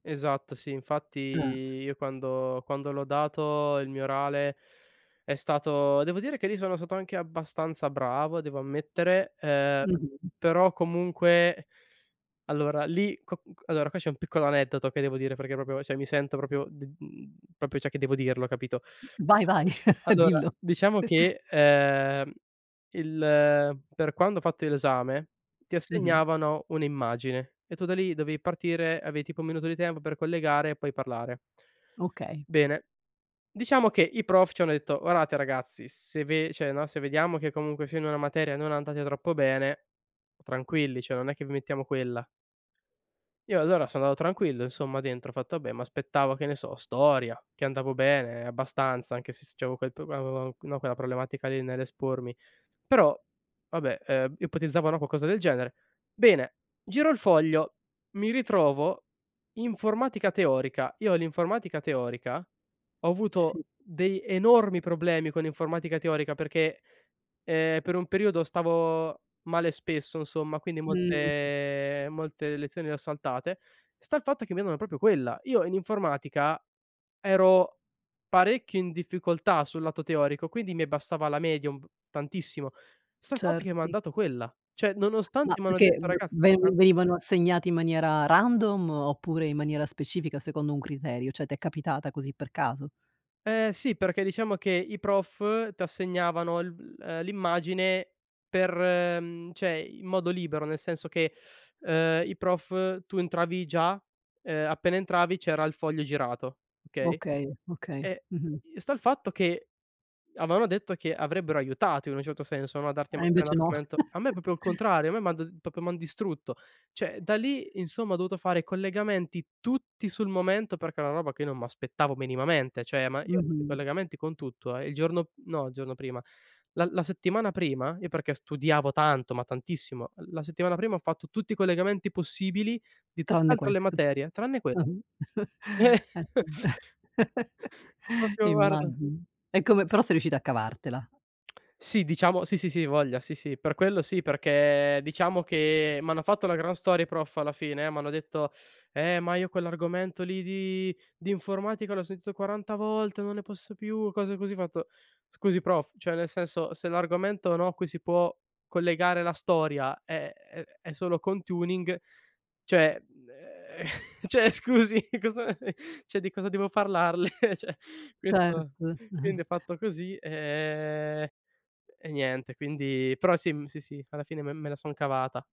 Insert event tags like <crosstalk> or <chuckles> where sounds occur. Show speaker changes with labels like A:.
A: Esatto, sì, infatti,
B: Ah.
A: io quando quando l'ho dato il mio orale, è stato devo dire che lì sono stato anche abbastanza bravo, devo ammettere, ehm,
B: Mh-mh.
A: però, comunque allora lì co c allora qua c'è un piccolo aneddoto che devo dire perché proprio cioè, mi sento proprio d mhmm, proprio, cioè, che devo dirlo, capito?
B: Vai, vai. <chuckles>
A: Allora,
B: Dillo.
A: diciamo
B: <chuckles>
A: che, ehm, il per quando ho fatto io l'esame, ti
B: Mh-mh.
A: assegnavano un'immagine, e tu da lì dovevi partire, avevi, tipo, un minuto di tempo per collegare e poi parlare.
B: Okay.
A: Bene, diciamo che i prof ci hanno detto: “Guardate ragazzi, se ve”, cioè no, “se vediamo che, comunque sia, in una materia non andate troppo bene, tranquilli, cioè, non è che vi mettiamo quella”. Io, allora, sono andato tranquillo, insomma, dentro. Ho fatto: "Vabbè". M'aspettavo, che ne so, storia, che andavo bene, abbastanza, anche se s c'avevo quel prob o o o no, quella problematica lì nell'espormi. Però, vabbè, ehm, ipotizzavano qualcosa del genere. Bene, giro il foglio, mi ritrovo informatica teorica. Io l'informatica teorica ho avuto
B: Sì.
A: dei enormi problemi con l'informatica teorica perché, ehm, per un periodo, stavo male spesso, insomma, quindi
B: Mh.
A: molte molte lezioni le ho saltate. Sta il fatto che mi hanno da proprio quella. Io, in informatica, ero parecchio in difficoltà sul lato teorico, quindi mi abbassava la media un p tantissimo. Sta il fatto che mi han
B: Certo.
A: dato quella. Cioè,
B: Ma
A: nonostante m'hanno
B: perché
A: detto:
B: bl
A: "Ragazz tran"
B: ven venivano assegnati in maniera random, oppure in maniera specifica secondo un criterio? Cioè, t'è capitata così per caso?
A: Eh, sì, perché, diciamo che, i prof t'assegnavano il v uhm, l'immagine per mhmm, cioè, in modo libero. Nel senso che, ehm, i prof tu entravi già, ehm, appena entravi c'era il foglio girato, okay?
B: Okay, okay.
A: E
B: Mh-mh.
A: i sta il fatto che avevano detto che avrebbero aiutato, in un certo senso, no, a darti,
B: Eh,
A: magari, un
B: invece no.
A: argomento a me proprio il
B: <laughs>
A: contrario, a me m'ha d proprio m'han distrutto. Cioè, da lì, insomma, ho dovuto fare collegamenti, tutti sul momento, perché è una roba che io non m'aspettavo minimamente. Cioè, ma io ho fatto i
B: Mh-mh.
A: collegamenti con tutto, eh. Il giorno no il giorno prima. La la settimana prima io perché studiavo tanto, ma tantissimo, la settimana prima, ho fatto tutti i collegamenti possibili di
B: Tranne
A: tutt'altre le
B: questo.
A: materie, tranne quella.
B: Mh-mh. <chuckles> Eh sì.
A: <laughs>
B: <laughs>
A: Proprio, guarda
B: Immagino. E come però sei riuscito a cavartela.
A: Sì, diciamo sì, sì, sì, voglia, sì, sì. Per quello sì, perché, diciamo che, m'hanno fatto una gran storia i prof alla fine. M'hanno detto: "Eh, ma io quell'argomento lì di di informatica l'ho sentito 40 volte, non ne posso più". Cose così. Ho fatto: "Scusi prof, cioè, nel senso, se l'argomento, no, a cui si può collegare la storia è è è solo con Tuning, cioè mhmm, <chuckles> cioè, scusi, cosa <chuckles> cioè, di cosa devo parlarle?" <chuckles> Cioè,
B: Cert
A: questo quindi
B: <chuckles>
A: ho fatto così, ehm, e niente, quindi però sì, m sì, sì, alla fine me me la son cavata.